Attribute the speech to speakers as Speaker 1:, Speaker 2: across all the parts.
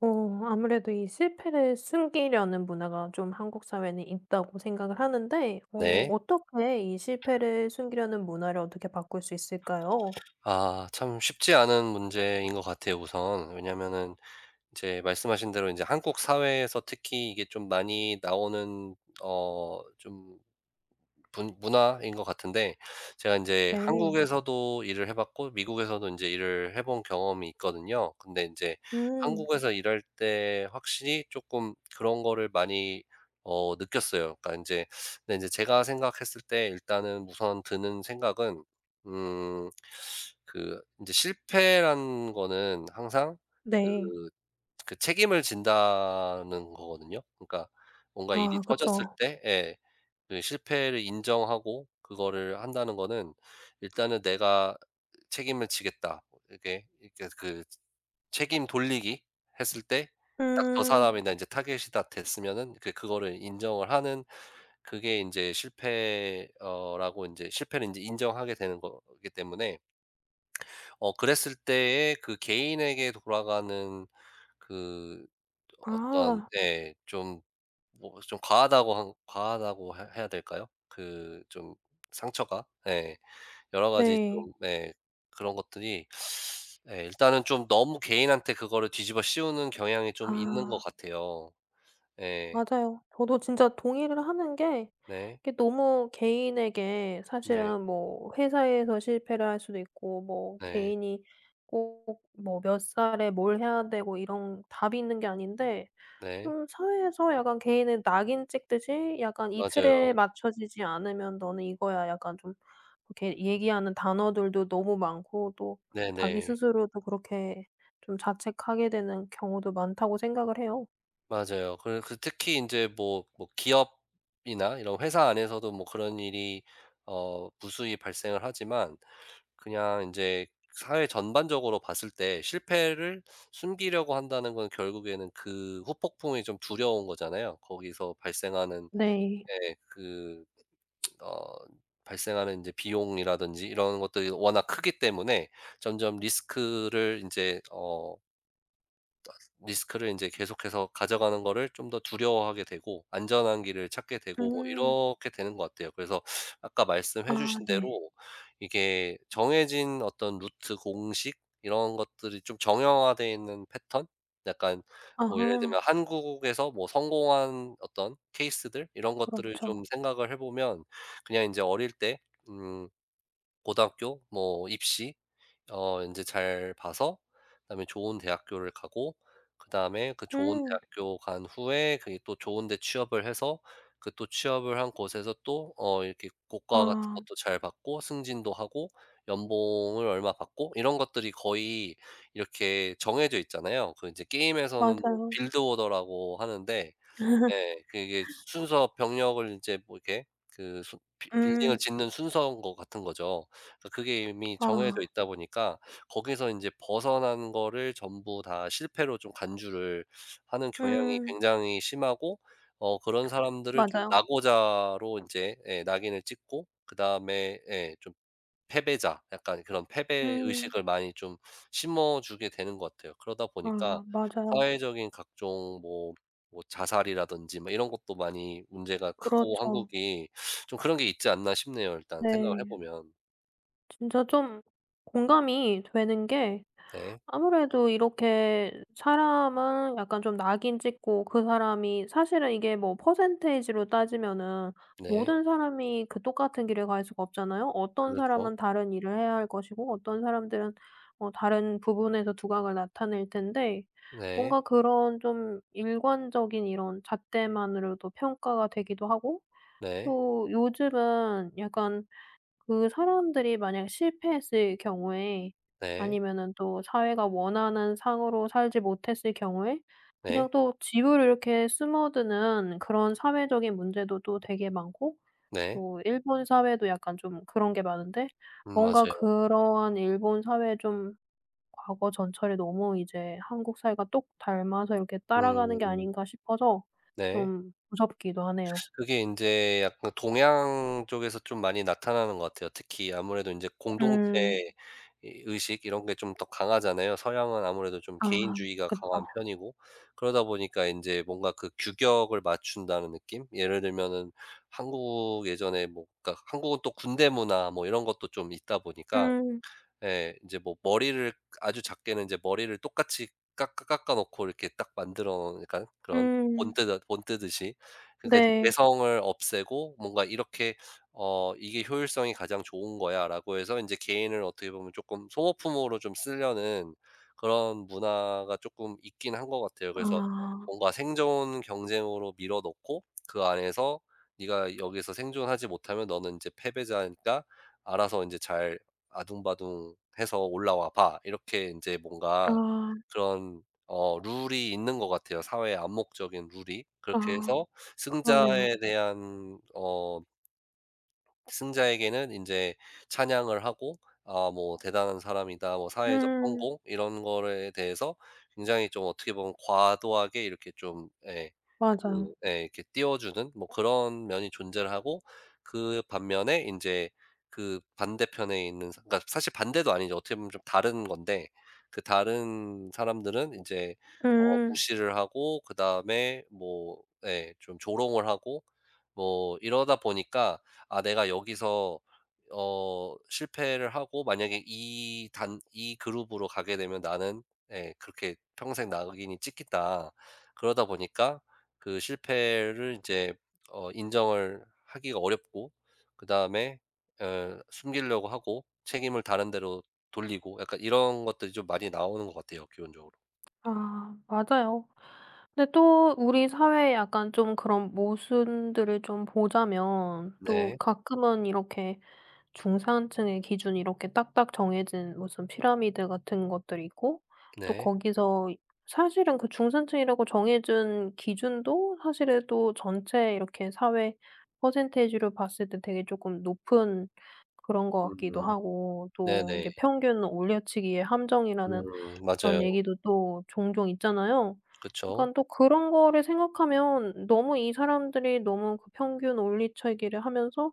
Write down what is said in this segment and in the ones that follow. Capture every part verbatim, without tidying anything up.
Speaker 1: 어 아무래도 이 실패를 숨기려는 문화가 좀 한국 사회는 있다고 생각을 하는데 어
Speaker 2: 네.
Speaker 1: 어떻게 이 실패를 숨기려는 문화를 어떻게 바꿀 수 있을까요?
Speaker 2: 아 참 쉽지 않은 문제인 것 같아요 우선. 왜냐면은 이제 말씀하신 대로 인제 한국 사회에서 특히 이게 좀 많이 나오는 어 좀 분 문화인 것 같은데. 제가 인제
Speaker 1: 네.
Speaker 2: 한국에서도 일을 해 봤고 미국에서도 이제 일을 해 본 경험이 있거든요. 근데 인제
Speaker 1: 음.
Speaker 2: 한국에서 일할 때 확실히 쪼끔 그런 거를 많이 어 느꼈어요. 그러니까 인제 근데 인제 제가 생각했을 때 일단은 우선 드는 생각은 음 그 인제 실패라는 거는 항상 그
Speaker 1: 네.
Speaker 2: 그 책임을 진다는 거거든요. 그러니까 뭔가 일이
Speaker 1: 아
Speaker 2: 터졌을
Speaker 1: 그쵸.
Speaker 2: 때 예. 그 실패를 인정하고 그거를 한다는 거는 일단은 '내가 책임을 지겠다.' 이렇게, 이렇게 그 책임 돌리기 했을 때 딱 저
Speaker 1: 응.
Speaker 2: '사람이다.' 이제 타겟이 딱 됐으면은 그거를 인정을 하는 그게 인제 실패 어 라고 인제 실패를 인제 인정하게 되는 거기 때문에 어 그랬을 때에 그 개인에게 돌아가는 그 어떤
Speaker 1: 아.
Speaker 2: 네 좀 뭐 좀 과하다고 한 과하다고 해 해야 될까요? 그 좀 상처가 예. 여러 가지
Speaker 1: 네.
Speaker 2: 좀 네. 그런 것들이 예 일단은 좀 너무 개인한테 그거를 뒤집어 씌우는 경향이 좀 있는 것
Speaker 1: 아.
Speaker 2: 같아요. 예.
Speaker 1: 맞아요. 저도 진짜 동의를 하는 게
Speaker 2: 네.
Speaker 1: 이게 너무 개인에게
Speaker 2: 네.
Speaker 1: 사실은 뭐 회사에서 실패를 할 수도 있고, 뭐
Speaker 2: 네.
Speaker 1: 개인이 꼭 뭐 몇 살에 뭘 해야 되고 이런 답이 있는 게 아닌데,
Speaker 2: 네.
Speaker 1: 좀 사회에서 약간 개인의 낙인 찍듯이 약간 "이
Speaker 2: 맞아요.
Speaker 1: 틀에 맞춰지지 않으면 너는 이거야." 약간 좀 이렇게 얘기하는 단어들도 너무 많고 또 자기
Speaker 2: 네네.
Speaker 1: 스스로도 그렇게 좀 자책하게 되는 경우도 많다고 생각을 해요.
Speaker 2: 맞아요. 그래 그 특히 인제 뭐 뭐 기업이나 이런 회사 안에서도 뭐 그런 일이 어 무수히 발생을 하지만, 그냥 인제 사회 전반적으로 봤을 때 실패를 숨기려고 한다는 건 결국에는 그 후폭풍이 좀 두려운 거잖아요. 거기서 발생하는
Speaker 1: 네.
Speaker 2: 예 그 어 발생하는 인제 비용이라든지 이런 것들이 워낙 크기 때문에 점점 리스크를 인제 어 뜨 아 스 리스크를 인제 계속해서 가져가는 거를 좀 더 두려워하게 되고, 안전한 길을 찾게 되고 뭐
Speaker 1: 음.
Speaker 2: 이렇게 되는 것 같아요. 그래서 아까 말씀해
Speaker 1: 아
Speaker 2: 주신
Speaker 1: 네.
Speaker 2: 대로 이게 정해진 어떤 루트, 공식 이런 것들이 좀 정형화되어 있는 패턴, 약간 뭐 예를 들면
Speaker 1: 아하.
Speaker 2: 한국에서 뭐 성공한 어떤 케이스들 이런 것들을 좀
Speaker 1: 그렇죠.
Speaker 2: 생각을 해보면 그냥 인제 어릴 때 음 고등학교 뭐 입시 어 인제 잘 봐서 다음에 좋은 대학교를 가고 그 다음에 그 좋은
Speaker 1: 음.
Speaker 2: 대학교 간 후에 그게 또 좋은데 취업을 해서 그 또 취업을 한 곳에서 또 어 이렇게 고과 같은
Speaker 1: 아.
Speaker 2: 것도 잘 받고, 승진도 하고, 연봉을 얼마 받고, 이런 것들이 거의 이렇게 정해져 있잖아요. 그 인제 게임에서는 뭐
Speaker 1: 맞아요.
Speaker 2: 빌드 오더라고 하는데 예 그게 순서 병력을 인제 뭐 이렇게 그 순 빌 빌딩을
Speaker 1: 음.
Speaker 2: 짓는 순서인 것 같은 거죠. 그 그게 이미 정해져
Speaker 1: 아.
Speaker 2: 있다 보니까 거기서 인제 벗어난 거를 전부 다 실패로 좀 간주를 하는 경향이
Speaker 1: 음.
Speaker 2: 굉장히 심하고, 어 그런 사람들을 좀
Speaker 1: 맞아요.
Speaker 2: 낙오자로 인제 예 낙인을 찍고 그다음에 예 좀 패배자, 약간 그런 패배
Speaker 1: 음.
Speaker 2: 의식을 많이 좀 심어주게 되는 것 같아요. 그러다 보니까
Speaker 1: 아 맞아요.
Speaker 2: 사회적인 각종 뭐 뭐 자살이라든지 뭐 이런 것도 많이 문제가 크고
Speaker 1: 그렇죠.
Speaker 2: 한국이 좀 그런 게 있지 않나 싶네요, 일단 생각을
Speaker 1: 네.
Speaker 2: 해보면.
Speaker 1: 진짜 좀 공감이 되는 게
Speaker 2: 네.
Speaker 1: 아무래도 이렇게 사람은 약간 좀 낙인찍고 그 사람이 사실은 이게 뭐 퍼센티지로 따지면은
Speaker 2: 네.
Speaker 1: 모든 사람이 그 똑같은 길을 갈 수가 없잖아요. 어떤
Speaker 2: 그렇죠.
Speaker 1: 사람은 다른 일을 해야 할 것이고 어떤 사람들은 어 다른 부분에서 두각을 나타낼 텐데
Speaker 2: 네.
Speaker 1: 뭔가 그런 좀 일관적인 이런 잣대만으로도 평가가 되기도 하고
Speaker 2: 네.
Speaker 1: 또 요즘은 약간 그 사람들이 만약 실패했을 경우에
Speaker 2: 네.
Speaker 1: 아니면은 또 사회가 원하는 상으로 살지 못했을 경우에 그냥
Speaker 2: 네.
Speaker 1: 또 뒤로 이렇게 숨어드는 그런 사회적인 문제도 또 되게 많고
Speaker 2: 네.
Speaker 1: 또 일본 사회도 약간 좀 그런 게 많은데
Speaker 2: 음
Speaker 1: 뭔가
Speaker 2: 맞아요.
Speaker 1: 그러한 일본 사회에 좀 과거 전철에 너무 이제 한국 사회가 똑 닮아서 이렇게 따라가는 게
Speaker 2: 음.
Speaker 1: 아닌가 싶어서
Speaker 2: 네.
Speaker 1: 좀 무섭기도 하네요.
Speaker 2: 그게 인제 약간 동양 쪽에서 좀 많이 나타나는 것 같아요. 특히 아무래도 인제 공동체
Speaker 1: 음.
Speaker 2: 의 의식 이런 게 좀 더 강하잖아요. 서양은 아무래도 좀
Speaker 1: 아
Speaker 2: 개인주의가 강한
Speaker 1: 그쵸.
Speaker 2: 편이고. 그러다 보니까 인제 뭔가 그 규격을 맞춘다는 느낌? 예를 들면은 한국 예전에 뭐 그러니까 한국은 또 군대 문화 뭐 이런 것도 좀 있다 보니까.
Speaker 1: 음.
Speaker 2: 예. 인제 뭐 머리를 아주 작게는 인제 머리를 똑같이 깎아 깎아 놓고 이렇게 딱 만들어 그러니까 그런
Speaker 1: 음.
Speaker 2: 본뜨는 본뜨듯이. 그러니까 인제
Speaker 1: 네.
Speaker 2: 개성을 없애고 뭔가 이렇게 어 '이게 효율성이 가장 좋은 거야.'라고 해서 인제 개인을 어떻게 보면 쪼끔 소모품으로 좀 쓰려는 그런 문화가 쪼끔 있긴 한 것 같아요. 그래서
Speaker 1: 아.
Speaker 2: 뭔가 생존 경쟁으로 밀어 넣고 그 안에서 '네가 여기서 생존하지 못하면 너는 인제 패배자니까 알아서 인제 잘 아등바등해서 올라와 봐.' 이렇게 인제 뭔가
Speaker 1: 아.
Speaker 2: 그런 어 룰이 있는 것 같아요 사회의 암묵적인 룰이. 그렇게
Speaker 1: 아
Speaker 2: 해서
Speaker 1: 그렇네요.
Speaker 2: 승자에 대한 어 승자에게는 인제 찬양을 하고 아 뭐 '대단한 사람이다.' 뭐 사회적
Speaker 1: 음음.
Speaker 2: 성공 이런 거러에 대해서 굉장히 좀 어떻게 보면 과도하게 이렇게 좀 예.
Speaker 1: 맞아요.
Speaker 2: 그 예. 이렇게 띄워주는 뭐 그런 면이 존재를 하고 그 반면에 인제 그 반대편에 있는 사 그러니까 사실 반대도 아니죠. 어떻게 보면 좀 다른 건데. 그 다른 사람들은 인제 어
Speaker 1: 음.
Speaker 2: 무시를 하고 그다음에 뭐 예. 좀 조롱을 하고 뭐 이러다 보니까 '아 내가 여기서 어 실패를 하고 만약에 이 단 이 그룹으로 가게 되면 나는' 네 그렇게 '...평생 낙인이 찍힜다.' 그러다 보니까 그 실패를 인제 어 인정을 하기가 어렵고 그다음에 엘 숨기려고 하고 책임을 다른 데로 돌리고 약간 이런 것들이 좀 많이 나오는 것 같아요 기본적으로.
Speaker 1: 아, 맞아요. 근데 또 우리 사회에 약간 좀 그런 모순들을 좀 보자면 또
Speaker 2: 네.
Speaker 1: 가끔은 이렇게 중산층의 기준이 이렇게 딱딱 정해진 무슨 피라미드 같은 것들이 있고 또
Speaker 2: 네.
Speaker 1: 거기서 사실은 그 중산층이라고 정해 준 기준도 사실은 또 전체 이렇게 사회 퍼센테이지로 봤을 때 되게 쪼금 높은 그런 것 같기도
Speaker 2: 음
Speaker 1: 하고 또 이게
Speaker 2: 네네.
Speaker 1: 평균 올려치기의 함정이라는
Speaker 2: 음 맞아요.
Speaker 1: 그런 얘기도 또 종종 있잖아요.
Speaker 2: 그쵸.
Speaker 1: 그러니깐 또 그런 거를 생각하면 너무 이 사람들이 너무 평균 올리쳐기를 하면서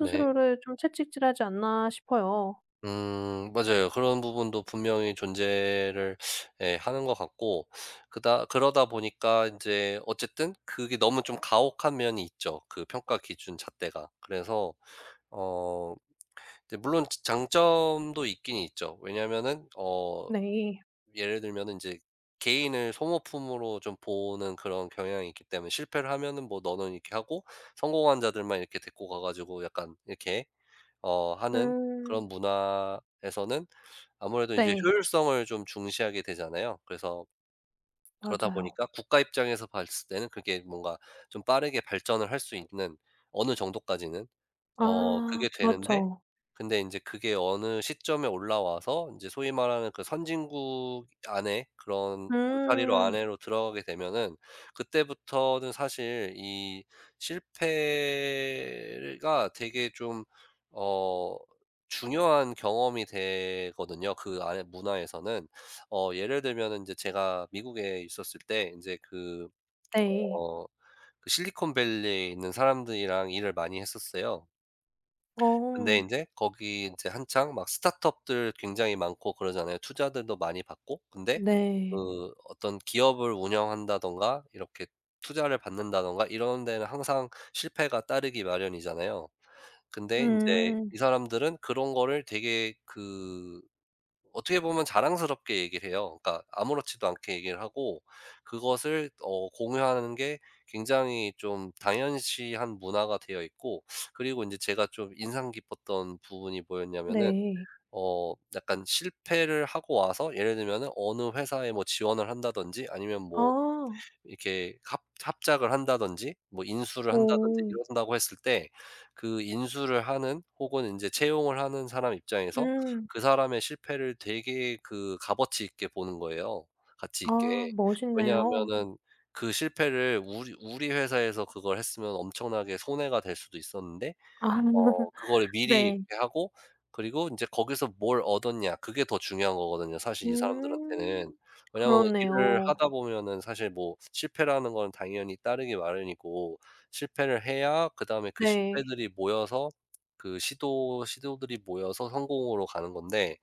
Speaker 2: 네.
Speaker 1: 좀 채찍질하지 않나 싶어요.
Speaker 2: 음 맞아요. 그런 부분도 분명히 존재를 예 하는 것 같고 그다 그러다 보니까 인제 어쨌든 그게 너무 좀 가혹한 면이 있죠, 그 평가 기준 잣대가. 그래서 어 이제 물론 자 장점도 있긴 있죠. 왜냐면은 어
Speaker 1: 네.
Speaker 2: 예를 들면은 인제 개인을 소모품으로 좀 보는 그런 경향이 있기 때문에 실패를 하면은 뭐 너는 이렇게 하고 성공한 자들만 이렇게 데리고 가 가지고 약간 이렇게 어 하는 그런
Speaker 1: 음.
Speaker 2: 문화에서는 아무래도 이제
Speaker 1: 네.
Speaker 2: 효율성을 좀 중시하게 되잖아요. 그래서 그러다
Speaker 1: 맞아요.
Speaker 2: 보니까 국가 입장에서 봤을 때는 그게 뭔가 좀 빠르게 발전을 할 수 있는 어느 정도까지는 어
Speaker 1: 아
Speaker 2: 그게 되는데
Speaker 1: 그렇죠.
Speaker 2: 근데 인제 그게 어느 시점에 올라와서 인제 소위 말하는 그 선진국 안에 그런 울타리로
Speaker 1: 음.
Speaker 2: 안에로 들어가게 되면은 그때부터는 사실 이 실패가 되게 좀 어 중요한 경험이 되거든요, 그 안의 문화에서는. 어 예를 들면은 인제 제가 미국에 있었을 때 인제 그
Speaker 1: 네.
Speaker 2: 어 그 실리콘밸리에 있는 사람들이랑 일을 많이 했었어요. 근데
Speaker 1: 어.
Speaker 2: 인제 거기 인제 한창 막 스타트업들 굉장히 많고 그러잖아요, 투자들도 많이 받고. 근데
Speaker 1: 네.
Speaker 2: 그 어떤 기업을 운영한다든가 이렇게 투자를 받는다든가 이런 데는 항상 실패가 따르기 마련이잖아요. 근데 인제
Speaker 1: 음.
Speaker 2: 이 사람들은 그런 거를 되게 그 어떻게 보면 자랑스럽게 얘기를 해요. 그러니까 아무렇지도 않게 얘기를 하고, 그것을 어 공유하는 게 굉장히 좀 당연시한 문화가 되어 있고, 그리고 인제 제가 좀 인상 깊었던 부분이 뭐였냐면은
Speaker 1: 네.
Speaker 2: 어 약간 실패를 하고 와서 예를 들면은 어느 회사에 뭐 지원을 한다든지 아니면 뭐
Speaker 1: 아.
Speaker 2: 이렇게 합 합작을 한다든지, 뭐 인수를 한다든지
Speaker 1: 오.
Speaker 2: 이런다고 했을 때, 그 인수를 하는 혹은 인제 채용을 하는 사람의 입장에서
Speaker 1: 음.
Speaker 2: 그 사람의 실패를 되게 그 값어치 있게 보는 거예요, 가치 있게.
Speaker 1: 아 멋있네요.
Speaker 2: 왜냐하면은 그 실패를 우리 우리 회사에서 그걸 했으면 엄청나게 손해가 될 수도 있었는데
Speaker 1: 아
Speaker 2: 어 그거를 미리
Speaker 1: 네.
Speaker 2: 이렇게 하고 그리고 인제 거기서 뭘 얻었냐 그게 더 중요한 거거든요, 사실 이 사람들한테는.
Speaker 1: 음
Speaker 2: 왜냐하면 일을
Speaker 1: 그렇네요.
Speaker 2: 하다 보면은 사실 뭐 실패라는 건 당연히 따르기 마련이고, 실패를 해야 그다음에 그
Speaker 1: 네.
Speaker 2: 실패들이 모여서 그 시도 시도들이 모여서 성공으로 가는 건데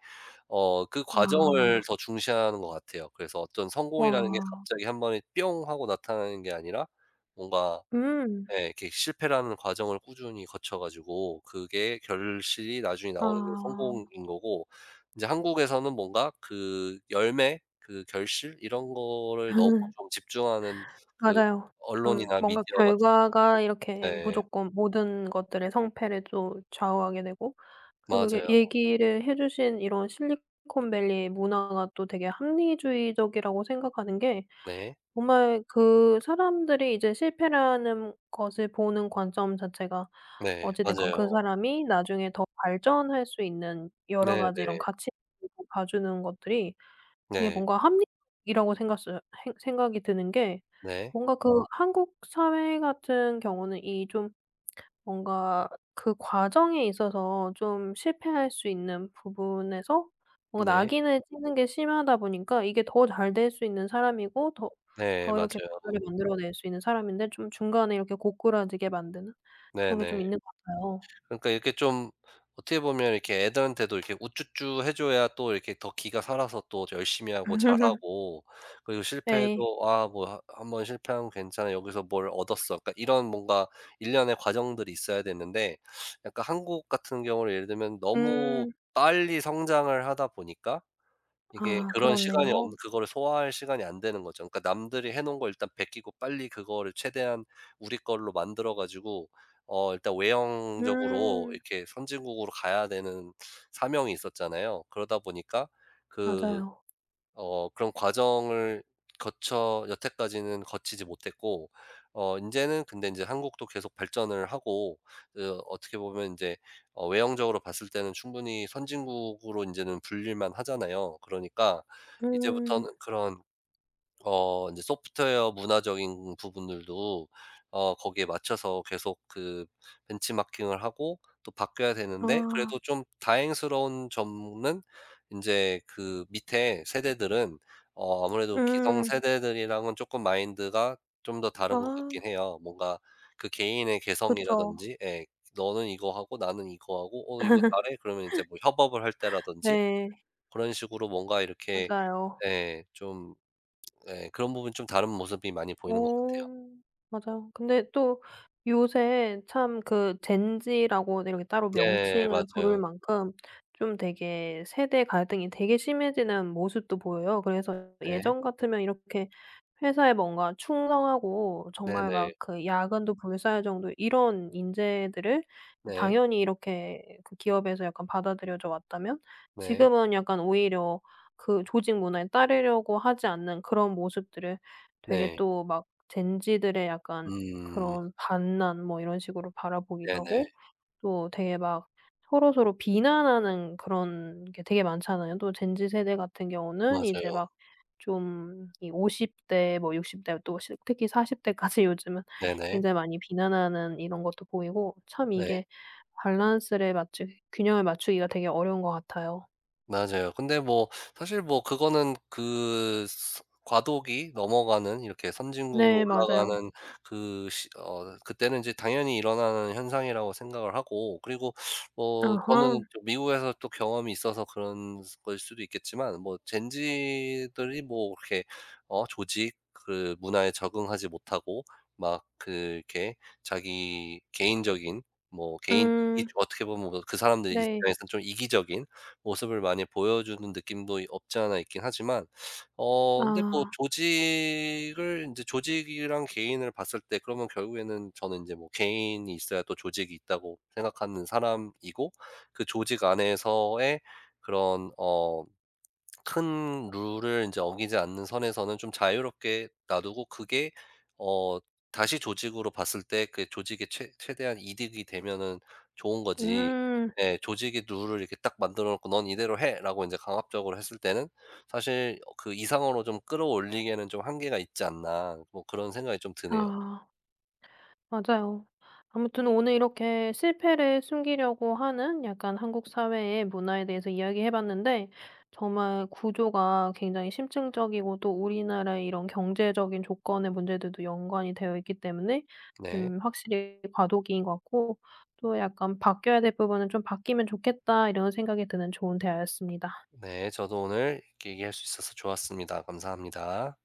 Speaker 2: 어 그
Speaker 1: 아.
Speaker 2: 과정을 더 중시하는 것 같아요. 그래서 어떤 성공이라는 게
Speaker 1: 와.
Speaker 2: 갑자기 한 번에 뿅 하고 나타나는 게 아니라 뭔가
Speaker 1: 음.
Speaker 2: 예 이렇게 실패라는 과정을 꾸준히 거쳐 가지고 그게 결실이 나중에 나오는 게
Speaker 1: 아.
Speaker 2: 성공인 거고, 인제 한국에서는 뭔가 그 열매, 그 결실 이런 거를 너무 좀 집중하는 그
Speaker 1: 맞아요. 좀
Speaker 2: 언론이나
Speaker 1: 뭔가
Speaker 2: 미디어 같은 데서
Speaker 1: 결과가 이렇게
Speaker 2: 네.
Speaker 1: 무조건 모든 것들의 성패를 또 좌우하게 되고, 그리고 이게
Speaker 2: 맞아요.
Speaker 1: 얘기를 해 주신 이런 실리콘밸리의 문화가 또 되게 합리주의적이라고 생각하는 게
Speaker 2: 네.
Speaker 1: 정말 그 사람들이 이제 실패라는 것을 보는 관점 자체가
Speaker 2: 네
Speaker 1: 어찌 됐건 그
Speaker 2: 맞아요.
Speaker 1: 사람이 나중에 더 발전할 수 있는 여러 가지 이런
Speaker 2: 네네.
Speaker 1: 가치 [unintelligible] 봐주는 것들이 되게
Speaker 2: 네.
Speaker 1: 뭔가 합리적이라고 생각써요 행 생각이 드는 게
Speaker 2: 네.
Speaker 1: 뭔가 그 한국 사회 같은 경우는 이 좀 뭔가 그 과정에 있어서 좀 실패할 수 있는 부분에서 뭔가
Speaker 2: 네.
Speaker 1: 낙인을 찍는 게 심하다 보니까 이게 더 잘될 수 있는 사람이고 더
Speaker 2: 네
Speaker 1: 더 이렇게
Speaker 2: 맞아요.
Speaker 1: [unintelligible] 만들어 낼 수 있는 사람인데 좀 중간에 이렇게 고꾸라지게 만드는 그런 게 좀
Speaker 2: 네네.
Speaker 1: 있는 것 같아요.
Speaker 2: 그러니까 이렇게 좀 어떻게 보면 이렇게 애들한테도 이렇게 우쭈쭈 해줘야 또 이렇게 더 기가 살아서 또 열심히 하고 잘하고 그리고
Speaker 1: 네.
Speaker 2: 실패해도 "아 뭐 하 한 번 실패한 괜찮아. 여기서 뭘 얻었어." 그러니까 이런 뭔가 일련의 과정들이 있어야 되는데 약간 한국 같은 경우는 예를 들면 너무
Speaker 1: 음.
Speaker 2: 빨리 성장을 하다 보니까 이게
Speaker 1: 아
Speaker 2: 그런 시간이
Speaker 1: 그렇네요.
Speaker 2: 없는 그거를 소화할 시간이 안 되는 거죠. 그러니까 남들이 해 놓은 걸 일단 베끼고 빨리 그거를 최대한 우리 걸로 만들어 가지고 어 일단 외형적으로
Speaker 1: 음.
Speaker 2: 이렇게 선진국으로 가야 되는 사명이 있었잖아요. 그러다 보니까 그
Speaker 1: 맞아요.
Speaker 2: 어 그런 과정을 거쳐 여태까지는 거치지 못했고 어 인제는 근데 인제 한국도 계속 발전을 하고 그 어떻게 보면 인제 어 외형적으로 봤을 때는 충분히 선진국으로 인제는 불릴 만하잖아요. 그러니까 이제부터는
Speaker 1: 음.
Speaker 2: 그런 어 인제 소프트웨어 문화적인 부분들도 어 거기에 맞춰서 계속 그 벤치마킹을 하고 또 바뀌어야 되는데
Speaker 1: 아.
Speaker 2: 그래도 좀 다행스러운 점은 인제 그 밑에 세대들은 어 아무래도
Speaker 1: 음.
Speaker 2: 기성세대들이랑은 쪼끔 마인드가 좀 더 다른 것
Speaker 1: 아.
Speaker 2: 같긴 해요. 뭔가 그 개인의
Speaker 1: 그쵸.
Speaker 2: 개성이라든지 예. 너는 이거 하고 나는 이거 하고 어 이거 잘해? 그러면 이제 뭐 협업을 할 때라든지
Speaker 1: 네.
Speaker 2: 그런 식으로 뭔가 이렇게
Speaker 1: 맞아요.
Speaker 2: 예 좀 예 그런 부분이 좀 다른 모습이 많이
Speaker 1: 어,
Speaker 2: 보이는 것 같아요.
Speaker 1: 맞아요. 근데 또 요새 참 그 젠지라고 이렇게 따로
Speaker 2: 네
Speaker 1: 명칭을 부를
Speaker 2: 맞아요.
Speaker 1: 만큼 좀 되게 세대갈등이 되게 심해지는 모습도 보여요. 그래서
Speaker 2: 네.
Speaker 1: 예전 같으면 이렇게 회사에 뭔가 충성하고 정말 막
Speaker 2: 네네.
Speaker 1: 그 야근도 불사할 정도의 이런 인재들을
Speaker 2: 네.
Speaker 1: 당연히 이렇게 그 기업에서 약간 받아들여져 왔다면,
Speaker 2: 네.
Speaker 1: 지금은 약간 오히려 그 조직 문화에 따르려고 하지 않는 그런 모습들을 되게
Speaker 2: 네.
Speaker 1: 또 막 젠지들의 약간
Speaker 2: 음.
Speaker 1: 그런 반란 뭐 이런 식으로 바라보기도
Speaker 2: 네네.
Speaker 1: 하고 또 되게 막 서로서로 비난하는 그런 게 되게 많잖아요. 또 젠지 세대 같은 경우는 이제
Speaker 2: 맞아요.
Speaker 1: 막 좀 이 오십 대 뭐 육십 대 또 스 특히 사십 대까지 요즘은
Speaker 2: 네네.
Speaker 1: 굉장히 많이 비난하는 이런 것도 보이고 참
Speaker 2: 네.
Speaker 1: 이게 밸런스를 맞추기 균형을 맞추기가 되게 어려운 것 같아요.
Speaker 2: 맞아요. 근데 뭐 사실 뭐 그거는 그 스 과도기 넘어가는 이렇게 선진국으로
Speaker 1: 네, 맞아요.
Speaker 2: 올라가는 그 시 어 그때는 인제 당연히 일어나는 현상이라고 생각을 하고 그리고 뭐 저는
Speaker 1: 아하.
Speaker 2: 좀 미국에서 또 경험이 있어서 그런 거일 수도 있겠지만 뭐 젠지들이 뭐 그렇게 어 조직 그 문화에 적응하지 못하고 막 그 이렇게 자기 개인적인 뭐 개인
Speaker 1: 음.
Speaker 2: 이기주 어떻게 보면 뭐 그 사람들
Speaker 1: 네.
Speaker 2: 입장에서는 좀 이기적인 모습을 많이 보여 주는 느낌도 없지 않아 있긴 하지만 어 근데 뭐
Speaker 1: 아.
Speaker 2: 조직을 인제 조직이랑 개인을 봤을 때 그러면 결국에는 저는 인제 뭐 개인이 있어야 또 조직이 있다고 생각하는 사람이고 그 조직 안에서의 그런 어 큰 룰을 인제 어기지 않는 선에서는 좀 자유롭게 놔두고 그게 어 다시 조직으로 봤을 때 그게 조직에 최 최대한 이득이 되면은 좋은 거지
Speaker 1: 음.
Speaker 2: 네 조직의 룰을 이렇게 딱 만들어 놓고 "넌 이대로 해."라고 인제 강압적으로 했을 때는 사실 어 그 이상으로 좀 끌어올리기에는 '좀 한계가 있지 않나.' 뭐 그런 생각이 좀 드네요.
Speaker 1: 아. 맞아요. 아무튼 오늘 이렇게 실패를 숨기려고 하는 약간 한국 사회의 문화에 대해서 이야기해 봤는데 정말 구조가 굉장히 심층적이고 또 우리나라의 이런 경제적인 조건의 문제들도 연관이 되어 있기 때문에
Speaker 2: 네.
Speaker 1: 좀 확실히 과도기인 것 같고 또 약간 '바뀌어야 될 부분은 좀 바뀌면 좋겠다.' 이런 생각이 드는 좋은 대화였습니다.
Speaker 2: 네, 저도 오늘 이렇게 얘기할 수 있어서 좋았습니다. 감사합니다.